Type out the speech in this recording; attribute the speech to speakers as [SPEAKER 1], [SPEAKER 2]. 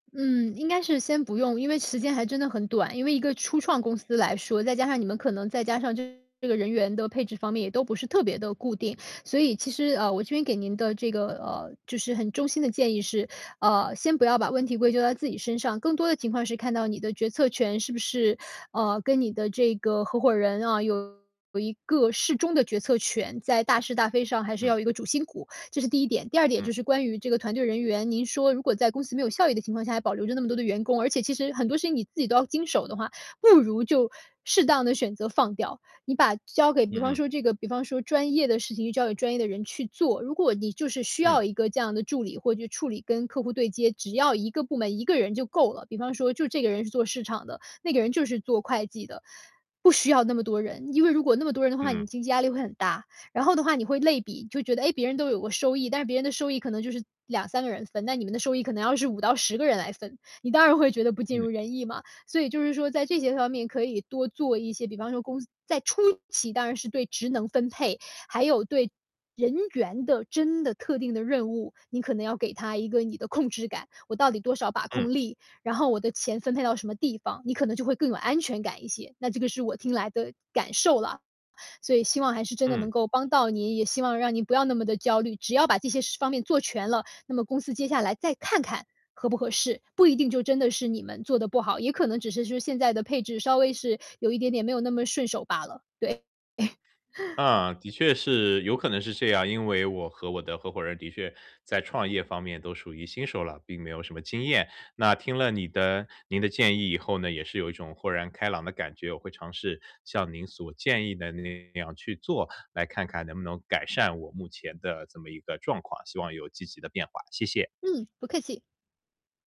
[SPEAKER 1] 嗯，应该是先不用，因为时间还真的很短。因为一个初创公司来说，再加上你们可能再加上这个人员的配置方面，也都不是特别地固定。所以其实，呃，我这边给您的这个，呃，就是很衷心的建议是，啊，先不要把问题归咎到自己身上，更多的情况是看到你的决策权是不是，呃，跟你的这个合伙人啊，有一个适中的决策权，在大是大非上还是
[SPEAKER 2] 嗯。
[SPEAKER 1] 要有一个主心骨，这是第一点。第二点
[SPEAKER 2] 嗯。
[SPEAKER 1] 就是关于这个团队人员，您说如果在公司没有效益的情况下，还保留着那么多的员工，而且其实很多事情你自己都要经手的话，不如就适当地选择放掉。你把交给比方
[SPEAKER 2] 嗯嗯。
[SPEAKER 1] 说这个比方说专业的事情就交给专业的人去做，如果你就是需
[SPEAKER 2] 嗯。
[SPEAKER 1] 要一个这样的助理，或者就处理跟客户对接，只要1个部门1个人就够了，比方说就这个人是做市场的，那个人就是做会计的，不需要那么多人。因为如果那么多人的话，
[SPEAKER 2] 嗯嗯。
[SPEAKER 1] 你经济压力会很大，然后的话你会类比，就觉得，诶，别人都有过收益，但是别人的收益可能就是2-3个人分，那你们的收益可能要是5-10个人来分，你当然会觉得不尽
[SPEAKER 2] 嗯。
[SPEAKER 1] 如人意嘛。所以就是说在这些方面可以多做一些，比方说公司在初期当然是对职能分配，还有对人员的真的特定的任务，你可能要给他一个你的控制感，我到底多少把
[SPEAKER 2] 嗯。
[SPEAKER 1] 控力？然后我的钱分配到什么地方？你可能就会更有安全感一些，那这个是我听来的感受啦。所以希望还是真的能
[SPEAKER 2] 嗯。
[SPEAKER 1] 够帮到您，也希望让您不要那么地焦虑。只要把这些事方面做全了，那么公司接下来再看看合不合适，不一定就真的是你们做得不好，也可能只是说现在的配置稍微是有一点点没有那么顺手罢了，对。
[SPEAKER 2] 呃，的确是有可能是这样。因为我和我的合伙人的确，在创业方面都属于新手了，并没有什么经验。那听了你的您的建议以后呢，也是有一种豁然开朗的感觉，我会尝试，像您所建议的那样去做，来看看能不能改善我目前的这么一个状况，希望有积极的变化，谢谢。
[SPEAKER 1] 嗯，不客气。